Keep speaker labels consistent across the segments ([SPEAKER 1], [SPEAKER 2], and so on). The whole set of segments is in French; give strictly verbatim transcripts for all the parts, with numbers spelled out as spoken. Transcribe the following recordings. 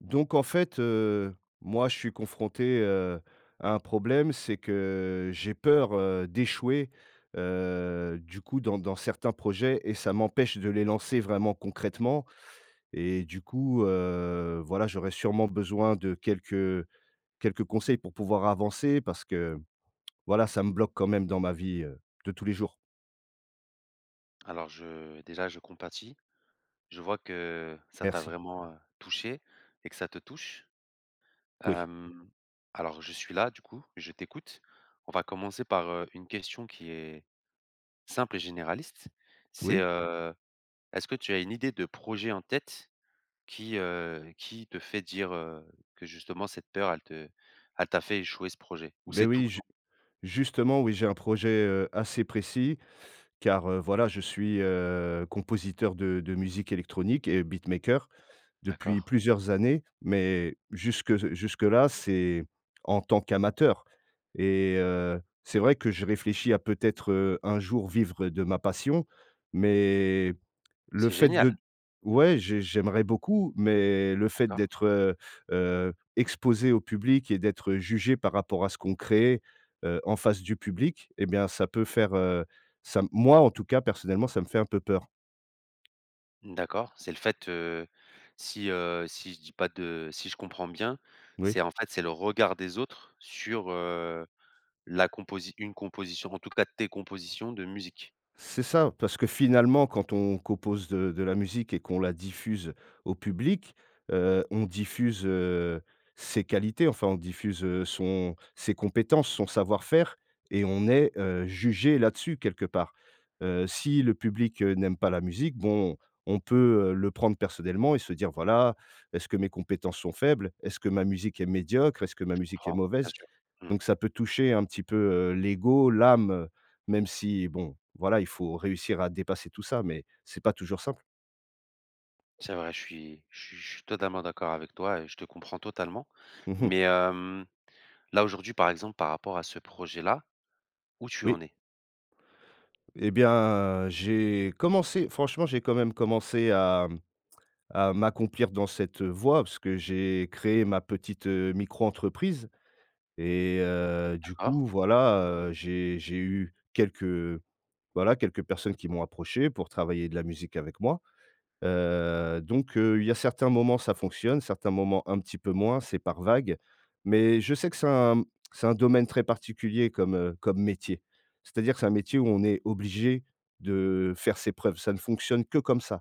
[SPEAKER 1] Donc en fait, heu, moi je suis confronté, heu, à un problème, c'est que j'ai peur, heu, d'échouer. Heu, du coup dans dans certains projets et ça m'empêche de les lancer vraiment concrètement et du coup, heu, voilà j'aurais sûrement besoin de quelques, heu quelques conseils pour pouvoir avancer. Parce que voilà ça me bloque quand même dans ma vie, heu, de tous les jours.
[SPEAKER 2] Alors je déjà je compatis. Je vois que ça t'a
[SPEAKER 1] Merci.
[SPEAKER 2] vraiment, heu, touché et que ça te touche.
[SPEAKER 1] Oui.
[SPEAKER 2] Hem. Alors je suis là du coup, je t'écoute. On va commencer par, heu, une question qui est simple et généraliste, c'est,
[SPEAKER 1] Oui.
[SPEAKER 2] heu, est-ce que tu as une idée de projet en tête qui, heu qui te fait dire, heu, que justement cette peur elle te elle t'a fait échouer ce projet? Ou
[SPEAKER 1] Beh
[SPEAKER 2] c'est tout
[SPEAKER 1] oui
[SPEAKER 2] le
[SPEAKER 1] ju
[SPEAKER 2] temps?
[SPEAKER 1] justement oui, j'ai un projet, heu, assez précis car heu, voilà je suis, heu, compositeur de de musique électronique et beatmaker, depuis
[SPEAKER 2] D'accord.
[SPEAKER 1] plusieurs années, mais jusque s jusque là c'est en tant qu'amateur et heu, c'est vrai que je réfléchis à peut-être, heu, un jour vivre de ma passion, mais le
[SPEAKER 2] C'est
[SPEAKER 1] fait de
[SPEAKER 2] génial!
[SPEAKER 1] ouais j'ai j'aimerais beaucoup mais le fait
[SPEAKER 2] D'accord.
[SPEAKER 1] d'être, heu heu, exposé au public et d'être jugé par rapport à ce qu'on crée, heu, en face du public et bien ça peut faire, heu, ça m moi, en tout cas personnellement ça me fait un peu peur.
[SPEAKER 2] D'accord, c'est le fait, heu, si, heu, si je dis pas de, heu si je comprends bien,
[SPEAKER 1] Oui.
[SPEAKER 2] c'est en fait c'est le regard des autres sur, heu, la composi une composition, en tout cas tes compositions de musique.
[SPEAKER 1] C'est ça, parce que finalement quand on compose de de la musique et qu'on la diffuse au public, heu, on diffuse, heu, ses qualités. Enfin on diffuse, heu, son ses compétences, son savoir-faire et on est, heu, jugé là-dessus quelque part. Heu, si le public, heu, n'aime pas la musique, bon on peut, heu, le prendre personnellement et se dire: «Voilà, est-ce que mes compétences sont faibles? Est-ce que ma musique est médiocre? Est-ce que ma
[SPEAKER 2] Je
[SPEAKER 1] musique est
[SPEAKER 2] comprends, bien
[SPEAKER 1] mauvaise?»
[SPEAKER 2] sûr, mmh.
[SPEAKER 1] donc ça peut toucher un petit peu, heu, l'ego, l'âme. Heu, même si, bon, voilà, il faut réussir à dépasser tout ça mais, c'est pas toujours simple.
[SPEAKER 2] C'est vrai. Je suis je su suis totalement d'accord avec toi et je te comprends totalement
[SPEAKER 1] Mmh mh.
[SPEAKER 2] mais, hem, là aujourd'hui par exemple par rapport à ce projet-là, où tu
[SPEAKER 1] Oui.
[SPEAKER 2] en es?
[SPEAKER 1] Et bien, j'ai commencé franchement j'ai quand même commencé à mmh, à m'accomplir dans cette, heu, voie parce que j'ai créé ma petite, heu, micro entreprise et heu, du coup
[SPEAKER 2] D'accord.
[SPEAKER 1] voilà, heu, j'ai j'ai eu quelques, voilà, quelques personnes qui m'ont approché pour travailler de la musique avec moi. Heu, donc heu, il y a certains moments ça fonctionne, certains moments un petit peu moins. C'est par vagues. Mais je sais que c'est un c'est un domaine très particulier comme, heu, comme métier. C'est-à-dire c'est un métier où on est obligé de faire ses preuves, ça ne fonctionne que comme ça.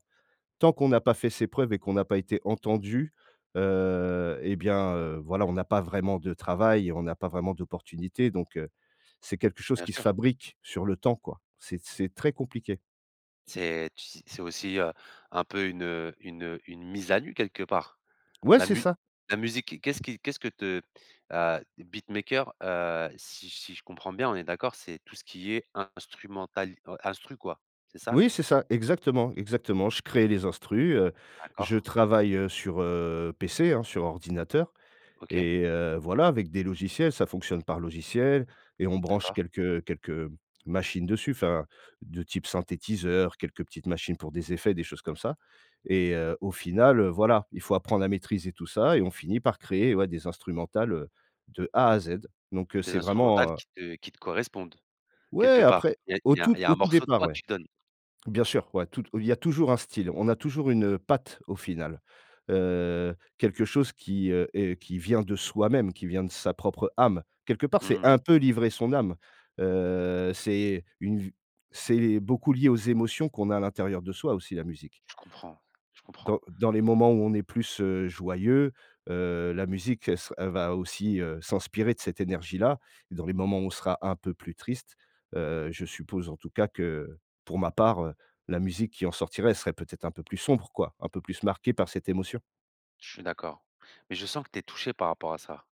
[SPEAKER 1] Tant qu'on n'a pas fait ses preuves et qu'on n'a pas été entendu, heu et bien, heu, voilà, on n'a pas vraiment de travail, on n'a pas vraiment d'opportunités, donc heu, c'est quelque chose
[SPEAKER 2] Bien
[SPEAKER 1] qui se
[SPEAKER 2] sûr!
[SPEAKER 1] fabrique sur le temps, quoi. C'est c'est très compliqué.
[SPEAKER 2] C'est tu s c'est aussi, heu, un peu une, heu, une, heu, une mise à nu quelque part.
[SPEAKER 1] Ouais
[SPEAKER 2] La
[SPEAKER 1] c'est
[SPEAKER 2] mu
[SPEAKER 1] ça.
[SPEAKER 2] la musique, qu'est-ce qui qu'est-ce que te heu, beatmaker, heu, si si je comprends bien, on est d'accord, c'est tout ce qui est instrumental, in instru quoi. C'est ça?
[SPEAKER 1] Oui, c'est ça, exactement, exactement. Je crée les instrus, heu, je
[SPEAKER 2] D'accord.
[SPEAKER 1] travaille, heu sur, heu, PC, hein, sur ordinateur
[SPEAKER 2] OK.
[SPEAKER 1] et heu, voilà, avec des logiciels. Ça fonctionne par logiciel et on branche
[SPEAKER 2] D'accord.
[SPEAKER 1] quelques quelques machines dessus. Enfin de type synthétiseur, quelques petites machines pour des effets, des choses comme ça et heu, au final, heu, voilà, il faut apprendre à maîtriser tout ça et on finit par créer, ouais, des instrumentales, heu, de A à Z. Donc heu,
[SPEAKER 2] Des
[SPEAKER 1] c'est
[SPEAKER 2] instrumentales
[SPEAKER 1] vraiment un
[SPEAKER 2] qui te qui te correspondent,
[SPEAKER 1] Ouais!
[SPEAKER 2] quelque part.
[SPEAKER 1] Après
[SPEAKER 2] Il
[SPEAKER 1] au
[SPEAKER 2] il y a
[SPEAKER 1] tout
[SPEAKER 2] il y a
[SPEAKER 1] au
[SPEAKER 2] un
[SPEAKER 1] tout
[SPEAKER 2] morceau de
[SPEAKER 1] départ,
[SPEAKER 2] toi que
[SPEAKER 1] ouais.
[SPEAKER 2] tu donnes.
[SPEAKER 1] Bien sûr, ouais, toute il y a toujours un style, on a toujours une, heu, patte au final. Heu, quelque chose qui, heu, est qui vient de soi-même, qui vient de sa propre âme. Quelque part c'est
[SPEAKER 2] Mmh mh.
[SPEAKER 1] un peu livrer son âme, heu, c'est une v c'est beaucoup lié aux émotions qu'on a à l'intérieur de soi aussi la musique
[SPEAKER 2] Je comprends, je comprends.
[SPEAKER 1] dans dans les moments où on est plus, heu, joyeux, heu, la musique elle se elle va aussi, heu, s'inspirer de cette énergie-là et dans les moments où on sera un peu plus triste, heu, je suppose en tout cas que, heu, pour ma part, heu, la musique qui en sortirait elle serait peut-être un peu plus sombre quoi, un peu plus marquée par cette émotion.
[SPEAKER 2] Je suis d'accord, mais je sens que tu es touché par rapport à ça.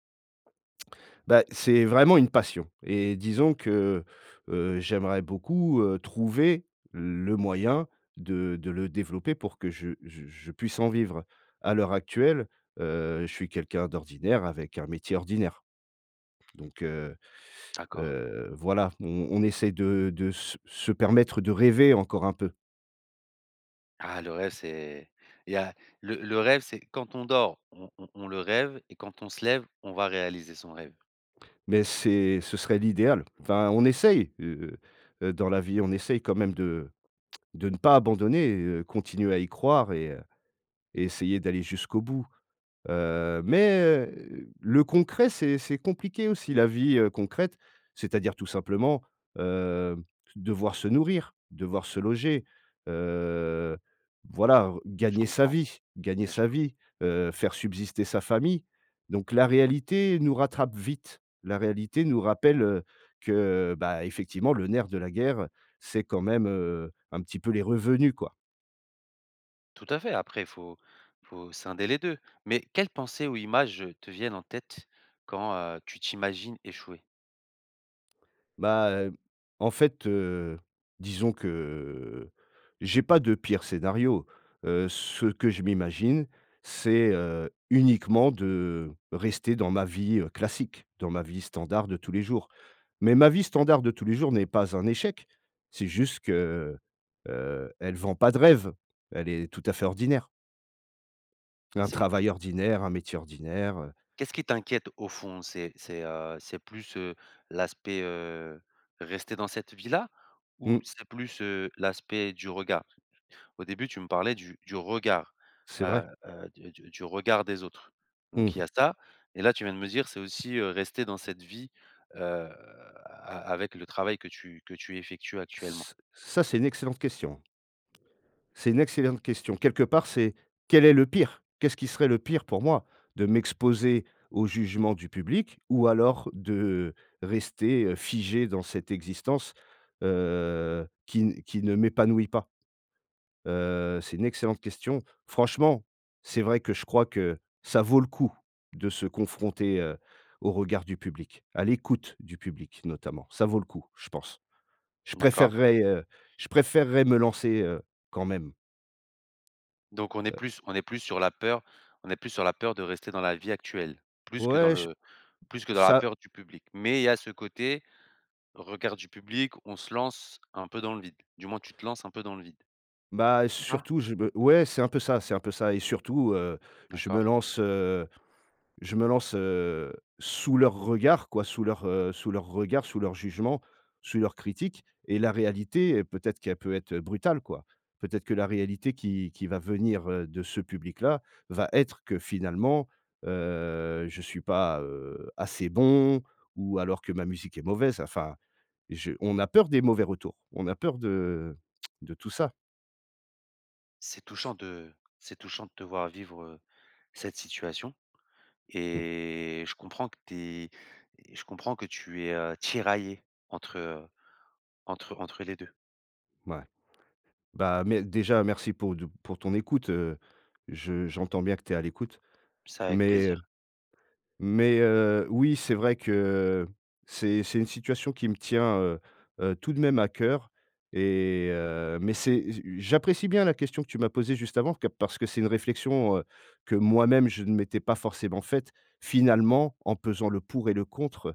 [SPEAKER 1] Bah, c'est vraiment une passion et disons que, heu, j'aimerais beaucoup, heu, trouver le moyen de de le développer pour que je je je puisse en vivre. À l'heure actuelle, heu, je suis quelqu'un d'ordinaire avec un métier ordinaire. Donc, heu,
[SPEAKER 2] D'accord.
[SPEAKER 1] heu, voilà, on on essaye de de se se permettre de rêver encore un peu.
[SPEAKER 2] Ah, le rêve, c'est il y a le le rêve, c'est quand on dort, on on on le rêve et quand on se lève, on va réaliser son rêve.
[SPEAKER 1] Mais c'est ce serait l'idéal. Enfin, on essaye, heu heu, dans la vie, on essaye quand même de de ne pas abandonner, heu, continuer à y croire et heu, et essayer d'aller jusqu'au bout. Heu, mais, heu, le concret, c'est c'est compliqué aussi, la vie, heu, concrète, c'est-à-dire tout simplement, heu, devoir se nourrir, d devoir se loger, heu, voilà
[SPEAKER 2] Je
[SPEAKER 1] gagner sa
[SPEAKER 2] comprends.
[SPEAKER 1] vie, gagner
[SPEAKER 2] Bien
[SPEAKER 1] sa
[SPEAKER 2] sûr.
[SPEAKER 1] vie, heu, faire subsister sa famille. Donc la réalité nous rattrape vite, la réalité nous rappelle, heu, que bah, effectivement le nerf de la guerre, c'est quand même, heu, un petit peu les revenus quoi.
[SPEAKER 2] Tout à fait, après faut, faut scinder les deux. Mais quelles pensées ou images te viennent en tête quand, heu, tu t'imagines échouer?
[SPEAKER 1] Bah heu, en fait heu, disons que, heu, j'ai pas de pire scénario. Heu, ce que je m'imagine, c'est, heu, uniquement de rester dans ma vie, heu, classique, dans ma vie standard de tous les jours. Mais ma vie standard de tous les jours n'est pas un échec. C'est juste que, heu, elle vend pas de rêve. Elle est tout à fait ordinaire. Un
[SPEAKER 2] C'est qu?
[SPEAKER 1] travail ordinaire, un métier ordinaire, heu
[SPEAKER 2] Qu'est-ce qui t'inquiète au fond? C'est c'est heu, c'est plus, heu, l'aspect, heu, rester dans cette vie-là? Ou
[SPEAKER 1] Mmh.
[SPEAKER 2] c'est plus, heu, l'aspect du regard? Au début tu me parlais du du regard.
[SPEAKER 1] C'est
[SPEAKER 2] Heu
[SPEAKER 1] vrai.
[SPEAKER 2] heu, du du du regard des autres.
[SPEAKER 1] Mmh.
[SPEAKER 2] Donc il y a ça. Et là tu viens de me dire, c'est aussi, heu, rester dans cette vie, heu, a a avec le travail que tu que tu effectues actuellement.
[SPEAKER 1] Ç ça, c'est une excellente question. C'est une excellente question. Quelque part c'est, quel est le pire? Qu'est-ce qui serait le pire pour moi? De m'exposer au jugement du public? Ou alors, de rester, heu, figé dans cette existence, heu, qui n qui ne m'épanouit pas? Heu, c'est une excellente question. Franchement, c'est vrai que je crois que ça vaut le coup, de se confronter, heu, au regard du public. À l'écoute du public, notamment. Ça vaut le coup, je pense. Je
[SPEAKER 2] D'accord.
[SPEAKER 1] préférerais, heu, je préférerais me lancer, heu, quand même.
[SPEAKER 2] Donc on est
[SPEAKER 1] Heu.
[SPEAKER 2] plus on est plus sur la peur, on est plus sur la peur de rester dans la vie actuelle, plus que dans
[SPEAKER 1] Ouais, je
[SPEAKER 2] le plus que dans la
[SPEAKER 1] ça.
[SPEAKER 2] peur du public. Mais il y a ce côté, regard du public, on se lance un peu dans le vide. Du moins tu te lances un peu dans le vide.
[SPEAKER 1] Bah heu,
[SPEAKER 2] C'est ça?
[SPEAKER 1] surtout, je be ouais, c'est un peu ça, c'est un peu ça. Et surtout, heu, je me
[SPEAKER 2] D'accord.
[SPEAKER 1] lance, heu, je me lance, heu, sous leurs regards quoi, sous leurs, heu, sous leurs regards, sous leurs jugements, sous leurs critiques. Et la réalité et peut-être qu'elle peut être, heu, brutale quoi. Peut-être que la réalité qui qui va venir, heu, de ce public-là, va être que finalement, heu, je suis pas, heu, assez bon ou alors que ma musique est mauvaise. Enfin, j'ai on a peur des mauvais retours. On a peur de de tout ça.
[SPEAKER 2] C'est touchant de c'est touchant de te voir vivre, heu, cette situation
[SPEAKER 1] Mmh.
[SPEAKER 2] et je comprends que tu es et je comprends que tu es, heu, tiraillé entre, heu, entre entre les deux.
[SPEAKER 1] Ouais. Bah, mais déjà merci pour de pour ton écoute, heu, je j'entends bien que tu es à l'écoute,
[SPEAKER 2] C'est avec
[SPEAKER 1] mais heu,
[SPEAKER 2] plaisir.
[SPEAKER 1] mais heu, oui c'est vrai que c'est c'est une situation qui me tient, heu, heu, tout de même à cœur et heu, mais c'est j j'apprécie bien la question que tu m'as posée juste avant ca parce que c'est une réflexion, heu, que moi même je ne m'étais pas forcément faite. Finalement, en pesant le pour et le contre,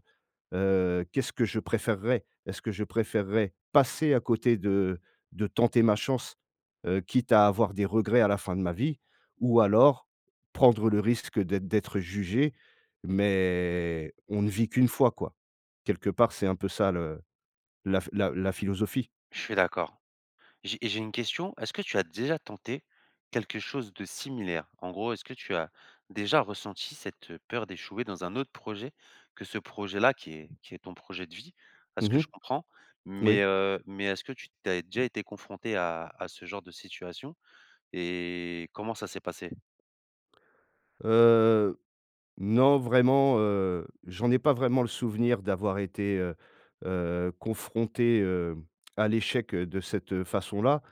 [SPEAKER 1] heu, qu'est-ce que je préférerais? Est-ce que je préférerais, passer à côté de de tenter ma chance, heu, quitte à avoir des regrets à la fin de ma vie? Ou alors, prendre le risque d'être d'être jugé. Mais on ne vit qu'une fois, quoi. Quelque part, c'est un peu ça le la ph la la philosophie.
[SPEAKER 2] Je suis d'accord. J'ai j'ai une question, est-ce que tu as déjà tenté quelque chose de similaire? En gros, est-ce que tu as déjà ressenti cette peur d'échouer dans un autre projet? Que ce projet là qui est qui est ton projet de vie, à ce
[SPEAKER 1] Mmh
[SPEAKER 2] que
[SPEAKER 1] mh.
[SPEAKER 2] je comprends, mais
[SPEAKER 1] Moui.
[SPEAKER 2] heu, mais est-ce que tu tu avais déjà été confronté à à ce genre de situation et comment ça s'est passé?
[SPEAKER 1] Heu. Non vraiment, heu, j'en ai pas vraiment le souvenir, d'avoir été, heu, heu, confronté, hem, à l'échec, heu, de cette, heu, façon là.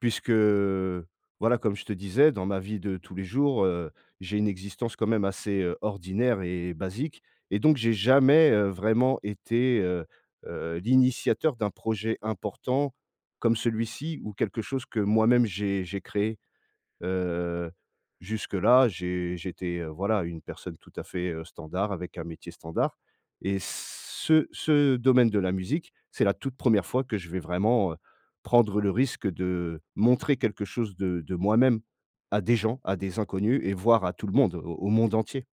[SPEAKER 1] Puisque, heu, voilà comme je te disais dans ma vie de tous les jours, heu, j'ai une existence quand même assez, heu, ordinaire et basique et donc j'ai jamais, heu, vraiment été, heu, heu, l'initiateur d'un projet important comme celui-ci ou quelque chose que moi même j'ai j'ai créé. Heu, jusque-là, j'ai j'étais, heu, voilà une personne tout à fait, heu, standard avec un métier standard et ce ce domaine de la musique c'est la toute première fois que je vais vraiment, heu, prendre le risque de montrer quelque chose de de moi-même, à des gens, à des inconnus et voir à tout le monde au au monde entier.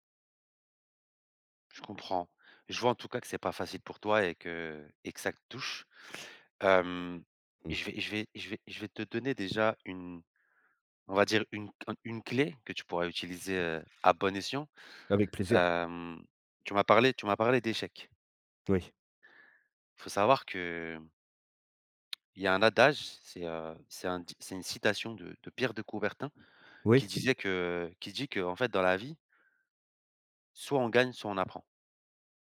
[SPEAKER 2] Je comprends. Je vois en tout cas que c'est pas facile pour toi et que et que ça te touche. Hem,
[SPEAKER 1] Mmh.
[SPEAKER 2] je vais je vais je vais je vais te donner déjà une on va dire une c ant une clé que tu pourras utiliser, heu, à bon escient.
[SPEAKER 1] Avec plaisir.
[SPEAKER 2] Hem. Tu m'as parlé tu m'as parlé d'échec.
[SPEAKER 1] Oui.
[SPEAKER 2] Faut savoir que il y a un adage, c'est, heu, c'est un dic c'est une citation de de Pierre de Coubertin, qui
[SPEAKER 1] Oui.
[SPEAKER 2] disait que qui dit que en fait dans la vie soit on gagne soit on apprend.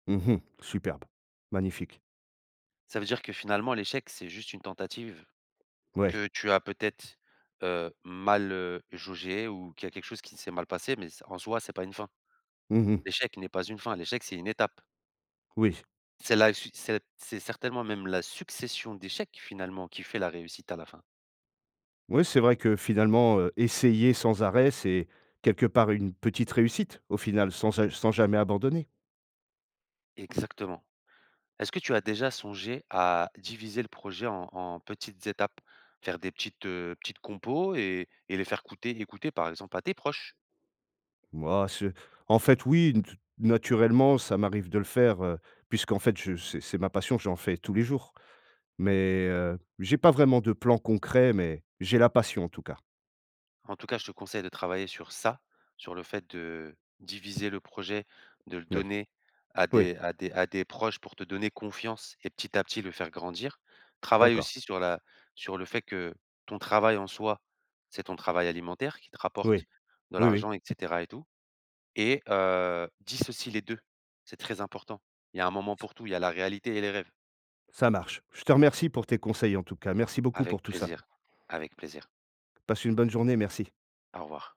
[SPEAKER 1] Mmh mh. Superbe. Magnifique.
[SPEAKER 2] Ça veut dire que finalement l'échec, c'est juste une tentative,
[SPEAKER 1] Ouais.
[SPEAKER 2] que tu as peut-être, heu, mal, heu, jauger ou qu'il y a quelque chose qui s'est mal passé mais c'est en soi, c'est pas une fin.
[SPEAKER 1] Mmh mh.
[SPEAKER 2] L'échec n'est pas une fin. L'échec, c'est une étape.
[SPEAKER 1] Oui.
[SPEAKER 2] C'est la suite, c'est c'est certainement même la succession d'échecs, finalement, qui fait la réussite à la fin.
[SPEAKER 1] Oui, c'est vrai que finalement, heu, essayer sans arrêt, c'est quelque part une petite réussite, au final, sans a sans jamais abandonner.
[SPEAKER 2] Exactement. Est-ce que tu as déjà songé à diviser le projet en en petites étapes? Faire des petites, heu, petites compos et et les faire couter écouter, par exemple, à tes proches?
[SPEAKER 1] Mouais, c'est en fait, oui, n te naturellement, ça m'arrive de le faire, heu, puisqu'en fait je c'est c'est ma passion, j'en fais tous les jours mais heu, j'ai pas vraiment de plan concret mais j'ai la passion en tout cas.
[SPEAKER 2] En tout cas, je te conseille de travailler sur ça, sur le fait de diviser le projet, de le
[SPEAKER 1] Oui.
[SPEAKER 2] donner à
[SPEAKER 1] Oui.
[SPEAKER 2] des à des à des proches pour te donner confiance et petit à petit le faire grandir, travaille
[SPEAKER 1] D'accord.
[SPEAKER 2] aussi sur la sur le fait que ton travail en soi, c'est ton travail alimentaire qui te rapporte
[SPEAKER 1] Oui.
[SPEAKER 2] de
[SPEAKER 1] Oui, oui.
[SPEAKER 2] l'argent et cetera et tout et heu, dissocie les deux, c'est très important. Il y a un moment pour tout, il y a la réalité et les rêves.
[SPEAKER 1] Ça marche. Je te remercie pour tes conseils en tout cas, merci beaucoup pour
[SPEAKER 2] Avec
[SPEAKER 1] tout ça.
[SPEAKER 2] plaisir. Avec plaisir.
[SPEAKER 1] Passe une bonne journée, merci.
[SPEAKER 2] Au revoir.